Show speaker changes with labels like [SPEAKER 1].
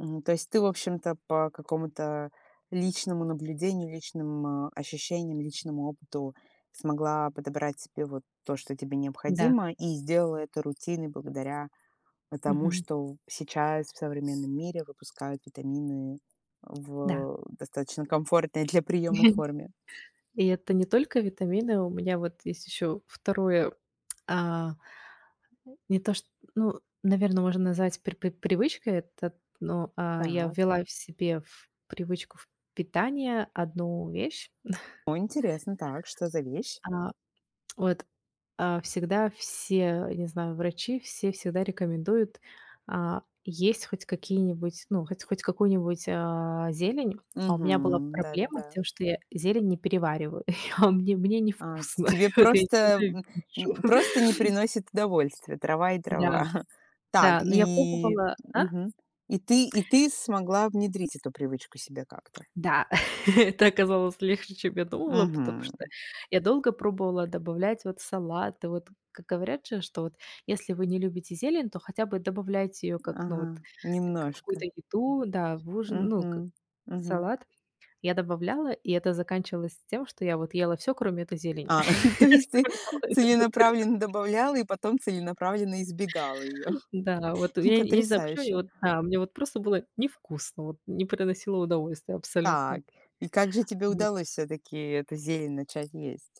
[SPEAKER 1] М, то есть ты, в общем-то, по какому-то личному наблюдению, личным, э, ощущениям, личному опыту смогла подобрать себе вот то, что тебе
[SPEAKER 2] Да.
[SPEAKER 1] необходимо, и сделала это рутиной благодаря, э, тому,
[SPEAKER 2] Мгм.
[SPEAKER 1] что сейчас в, э, современном мире выпускают витамины
[SPEAKER 2] Да.
[SPEAKER 1] в достаточно комфортной для приёма
[SPEAKER 2] Мгм.
[SPEAKER 1] форме.
[SPEAKER 2] И это не только витамины. У меня вот есть ещё 2, а, не то чт ну, наверное, можно назвать пр пр привычкой это, но, э, я
[SPEAKER 1] Так.
[SPEAKER 2] ввела в себе в привычку в питания 1 вещь.
[SPEAKER 1] О, интересно. Так, что за вещь?
[SPEAKER 2] А, вот, а, всегда все, не знаю, врачи, все всегда рекомендуют, а, есть хоть какие-нибудь, ну, х хоть какую-нибудь, а, зелень. А у меня была
[SPEAKER 1] Мгм,
[SPEAKER 2] проблема с
[SPEAKER 1] да-да-да.
[SPEAKER 2] тем, что я зелень не перевариваю, а мне мне
[SPEAKER 1] А, т
[SPEAKER 2] невкусно.
[SPEAKER 1] тебе
[SPEAKER 2] От, я её
[SPEAKER 1] просто, м, н просто не
[SPEAKER 2] ненавижу.
[SPEAKER 1] приносит удовольствия, трава и
[SPEAKER 2] Да,
[SPEAKER 1] трава. Так,
[SPEAKER 2] да. Но я
[SPEAKER 1] и,
[SPEAKER 2] пробовала а?
[SPEAKER 1] мгм, и ты и ты смогла внедрить эту привычку себе как-то?
[SPEAKER 2] Да, это оказалось легче, чем я думала, потому что
[SPEAKER 1] Мгм.
[SPEAKER 2] я долго пробовала добавлять, вот, салаты. Вот, как говорят же, что вот, если вы не любите зелень, то хотя бы добавляйте её как, ну, вот,
[SPEAKER 1] Ага,
[SPEAKER 2] как в
[SPEAKER 1] немножко.
[SPEAKER 2] какую-то еду, да, в ужин, ну, к
[SPEAKER 1] Мгм,
[SPEAKER 2] в
[SPEAKER 1] мгм.
[SPEAKER 2] салат. Я добавляла, и это заканчивалось тем, что я ела всё, кроме этой зелени.
[SPEAKER 1] А, то есть
[SPEAKER 2] Оставляла её на тарелке.
[SPEAKER 1] целенаправленно добавляла и потом целенаправленно избегала её.
[SPEAKER 2] Да, вот. Я нь Я не знаю, почему мне
[SPEAKER 1] Потрясающе.
[SPEAKER 2] вот, да Мне вот просто было невкусно, вот, не приносило удовольствие абсолютно.
[SPEAKER 1] Так, и как же тебе
[SPEAKER 2] Вот.
[SPEAKER 1] удалось всё-таки эту зелень начать есть?